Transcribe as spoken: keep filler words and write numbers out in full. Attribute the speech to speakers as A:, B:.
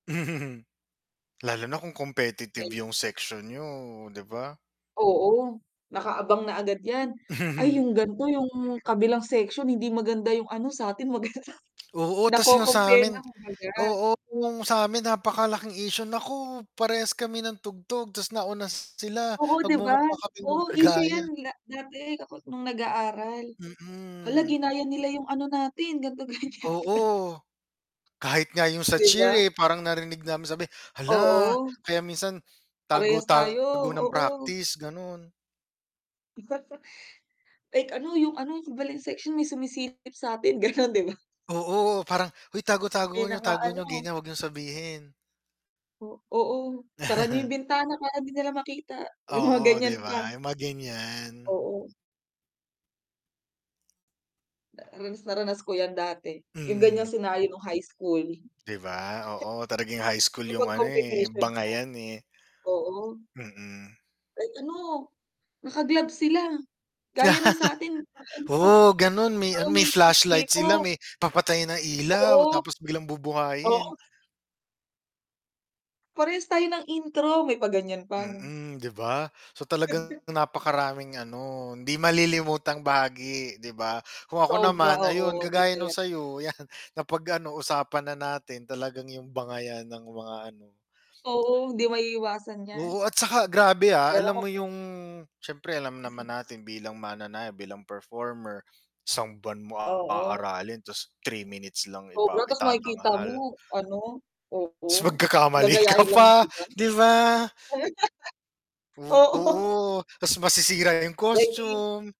A: Lalo na kung competitive
B: Ay.
A: yung section niyo, 'di ba?
B: Oo. Nakaabang na agad yan. Ay yung ganito, yung kabilang section hindi maganda yung ano sa'tin maganda.
A: Oo tas yung
B: Naco-compare
A: sa'min
B: na kung baga.
A: oo yung sa'min napakalaking isyu naku, parehas kami ng tugtog tas nauna sila,
B: Oo 'di ba.
A: magmumukha kaming
B: Oo, isyu
A: nanggaya.
B: yan da dati nung kako nung nag-aaral. Hala
A: Mm.
B: ginayan nila yung ano natin ganto, ganyan.
A: Oo. Kahit nga yung sa
B: 'Di
A: cheer,
B: ba?
A: eh, parang narinig namin sabi, hala
B: Oo.
A: kaya minsan tago
B: Parehas tayo,
A: tago ng
B: oo.
A: practice ganon.
B: Like ano, yung ano, yung ibang section may sumisilip sa'tin ganon, 'di ba?
A: Oo parang, hoy tago tago
B: May
A: niyo tago niyo,
B: naka-ano
A: ganyan. Huwag niyong sabihin.
B: O, oo, sara niyo yung bintana para di nila makita, may mga
A: Oo, di
B: ganyan pa.
A: ba yung mga ganyan.
B: Oo. Ranas na ranas ko yan dati. Yung ganyang
A: Mm.
B: senaryo nung high school.
A: 'Di ba, oo. Talaga yung high school yung
B: Kapag
A: ano eh,
B: competition na.
A: bangayan eh.
B: Oo.
A: Mm.
B: Kahit ano, naka-gloves sila, gaya nung sa'tin, ay ano,
A: Oo ganon, may a
B: parang
A: may
B: may fish
A: flashlight
B: dito.
A: sila, may papatay ng ilaw,
B: Oo.
A: tapos biglang
B: Oo.
A: bubuhayin.
B: Parehas tayo ng intro, may pa ganyan pa ano.
A: Mm, 'di ba? So talagang napakaraming ano, hindi malilimutang bahagi, 'di ba. Kung ako
B: Sobra,
A: naman, ayun,
B: oo, hindi
A: kagaya nung
B: tala
A: sa'yo yan kapag ano, usapan na natin talagang yung bangayan ng mga ano.
B: Oo, hindi maiiwasan yan.
A: Oo at saka grabe ah.
B: Pero
A: Alam mo
B: kapag
A: yung siyempre alam naman natin bilang mananayaw, bilang performer, isang buwan mo
B: Oo.
A: aaralin tas three minutes lang ipa
B: Sobra tas makikita mo
A: itatanghal.
B: ano, oo.
A: Tas magkakamali ka
B: Gagayahin lang
A: pa,
B: ng iba.
A: 'di ba?
B: Oo.
A: Oo, tas masisira yung
B: Like if
A: costume.